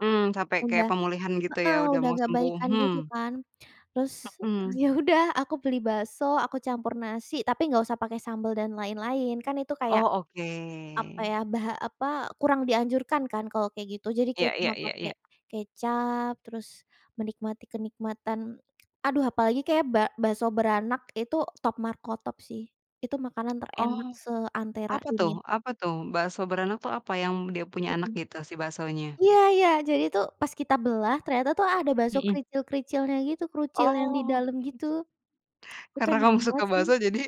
Mmm, sampai Udah kayak pemulihan gitu ya heeh, udah udah mau agak sembuh, baikan gitu hmm. kan. Terus, Hmm. ya udah aku beli bakso aku campur nasi tapi nggak usah pakai sambel dan lain-lain kan itu kayak Oh, apa ya oke. bah apa, kurang dianjurkan kan kalau kayak gitu jadi Iya kayak iya cuma iya pakai iya. kecap terus menikmati kenikmatan aduh, apalagi kayak bak bakso beranak itu top markotop sih. Itu makanan Oh, terenak seantera apa tuh dunia. apa tuh bakso beranak tuh apa yang dia punya anak Hmm. gitu si baksonya? Iya iya, jadi tuh pas kita belah ternyata tuh ada bakso Hmm. kericil-kericilnya gitu kerucil yang di Oh. dalam gitu, itu Karena enak kamu suka banget sih. bakso jadi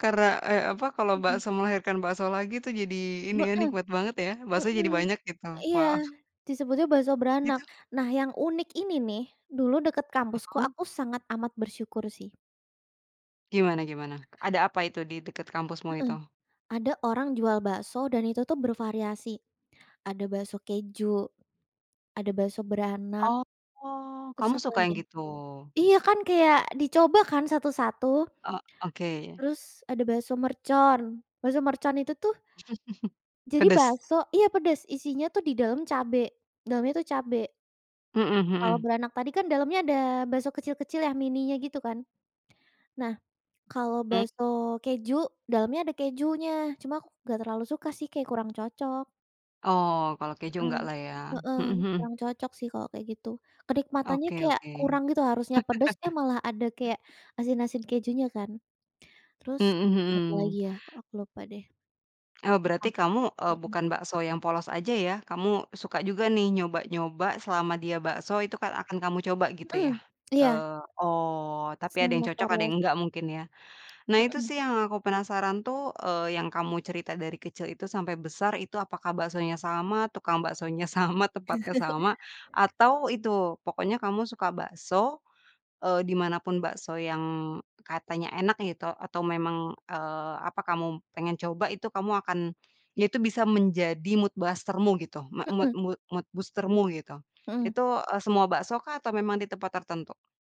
karena eee, apa kalau Hmm. bakso melahirkan bakso lagi tuh jadi ini ya Hmm nikmat banget ya baksonya jadi hmm, banyak gitu, iya. wah. Disebutnya bakso Gitu. beranak. Nah yang unik ini nih dulu dekat kampusku Mhm. aku sangat amat bersyukur sih. Gimana gimana? Ada apa itu di dekat kampusmu Hmm, itu? ada orang jual bakso dan itu tuh bervariasi. Ada bakso keju, ada bakso beranak. Oh, Terus kamu apa suka lagi yang ya? gitu? Iya kan kayak dicoba kan satu-satu. Oh, oke. Terus ada bakso mercon, bakso mercon itu tuh jadi Pedes? bakso iya, pedes isinya tuh di dalam cabe, dalamnya itu cabe. Hmm Kalau hmm. beranak tadi kan dalamnya ada bakso kecil-kecil ya mininya gitu kan? Nah kalau Mmm. bakso keju dalamnya ada kejunya cuma aku gak terlalu suka sih kayak kurang cocok. Oh, kalau keju Mmm, nggaklah ya? heeh, Hmm hmm. kurang cocok sih kalau kayak gitu. Kenikmatannya Oke kayak oke. kurang gitu harusnya pedes eh malah ada kayak asin-asin kejunya kan. Terus Mmm, hmm. apalagi ya, aku lupa deh. Oh, Lupa, berarti kamu, eee, hmm. bukan bakso yang polos aja ya, kamu suka juga nih nyoba-nyoba selama dia bakso itu kan akan kamu coba gitu Mmm, ya? iya. Eee oh, tapi ada yang Semua cocok ada yang variasi. engga mungkin ya? Nah itu Mmm. sih yang aku penasaran tuh, eee, yang kamu cerita dari kecil itu sampai besar itu apakah baksonya sama, tukang baksonya sama, tempatnya sama atau itu pokoknya kamu suka bakso, eee, di mana pun bakso yang katanya enak gitu atau memang, eee, apa kamu pengen coba itu kamu akan ya itu bisa menjadi mood booster-mu gitu. Me mood Mmm. mood mood booster-mu gitu. Hmm. Itu, eee, semua baksokah atau memang di tempat tertentu?